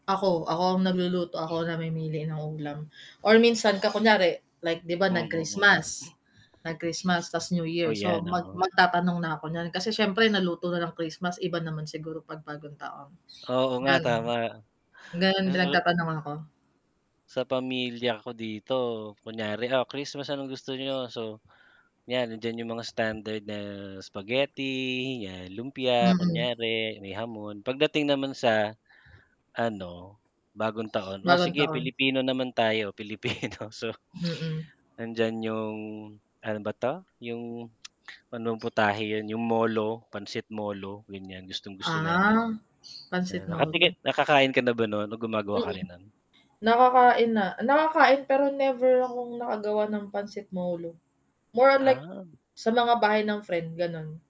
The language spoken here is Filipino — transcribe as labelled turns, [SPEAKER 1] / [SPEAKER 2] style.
[SPEAKER 1] Ako, ako ang nagluluto ako namimili ng ulam or minsan ka kunyari like 'di ba
[SPEAKER 2] Mm, mm.
[SPEAKER 1] nag-Christmas, nag-Christmas tas New
[SPEAKER 2] O
[SPEAKER 1] Year, so
[SPEAKER 2] yan,
[SPEAKER 1] mag
[SPEAKER 2] oo.
[SPEAKER 1] magtatanong na ako niyan kasi siyempre naluto na ng Christmas, iba naman siguro pag bagong taon.
[SPEAKER 2] Oo nga tama.
[SPEAKER 1] Ganun, nag
[SPEAKER 2] masusup
[SPEAKER 1] nagtatanong ako.
[SPEAKER 2] Sa pamilya ko dito, kunyari, ah, Christmas anong gusto niyo, so, yan nandiyan yung mga standard na spaghetti yan, lumpia,
[SPEAKER 1] Mm.
[SPEAKER 2] kunyari may hamon, pagdating naman sa ano, bagong taon, o
[SPEAKER 1] Bagong
[SPEAKER 2] sige
[SPEAKER 1] taon.
[SPEAKER 2] Pilipino naman tayo, Pilipino so,
[SPEAKER 1] Mm.
[SPEAKER 2] nandiyan yung, ano ba 'to, ano bang putahe yun, yung molo, pansit molo, ganyan gustong-gusto namin.
[SPEAKER 1] Ah, pansit
[SPEAKER 2] Yan
[SPEAKER 1] molo.
[SPEAKER 2] nakatiki nakakain ka na ba non o gumagawa
[SPEAKER 1] Mm,
[SPEAKER 2] ka rin non?
[SPEAKER 1] nakakain na, nakakain pero never akong nakagawa ng pansit molo, more like,
[SPEAKER 2] Ah.
[SPEAKER 1] sa mga bahay ng friend, ganon.